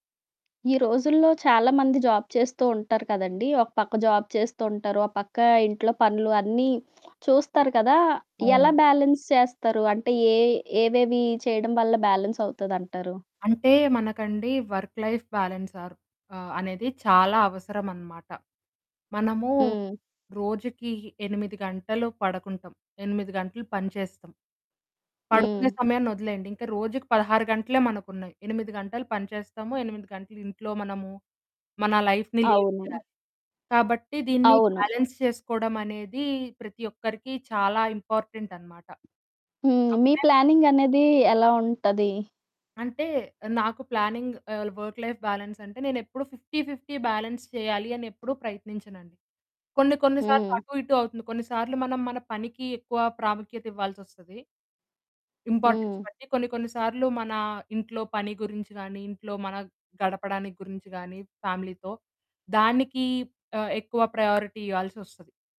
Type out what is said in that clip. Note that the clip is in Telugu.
రోజుల్లో చాలా మంది జాబ్ చేస్తూ ఉంటారు కదండీ! ఒక పక్క జాబ్ చేస్తూ ఉంటారు. ఓపక్క ఇంట్లో పనులు అన్నీ చూస్తారు కదా! ఎలా అవును. బ్యాలెన్స్ చేస్తరు? అంటే యే ఏవేవి చేయడం వల్ల బ్యాలెన్స్ అవుతదంటారు? అంటే మనకండి వర్క్ లైఫ్ బ్యాలెన్స్ ఆర్ ఆహ్, అనేది చాలా అవసరం అన్నమాట. మనము హ్మ్. రోజుకి 8 గంటలు పడకుంటాం. 8 గంటలు పనిచేస్తాం. పడుకునే హ్మ్. సమయాన్ని వదిలేయండి. ఇంకా రోజుకి 16 గంటలే మనకున్నాయి. 8 గంటలు పని చేస్తాము. 8 గంటలు ఇంట్లో మనము, మన లైఫ్‌ని లీడ్ అవును. చేయాలి. కాబట్టి దీన్ని అవును. బ్యాలెన్స్ చేసుకోవడం అనేది ప్రతి ఒక్కరికి చాలా ఇంపార్టెంట్ అన్నమాట. హ్మ్. మీ అప్పుడే మ ప్లానింగ్ అనేది ఎలా ఉంటది? అంటే నాకు planning all work life balance అంటే నేను ఎప్పుడు 50, 50 బాలన్స్ చేయాలి అని ఎప్పుడు ప్రయత్నించనండి. కొన్ని కొన్ని సార్లు హ్మ్. అటు ఇటు అవుతుంది. కొన్ని సార్లు మనం మన పనికి ఎక్కువ ప్రాముఖ్యత ఇవ్వాల్సొస్తది. ఇంపార్టెన్స్ హ్మ్. బట్టి. కొన్ని కొన్ని సార్లు మన ఇంట్లో పని గురించి గాని, ఇంట్లో మన గడపడానికి గురించి గాని, ఫ్యామిలీతో, దానికి ఆహ్, ఎక్కువ ప్రయారిటీ ఇయ్యాల్సొస్తది.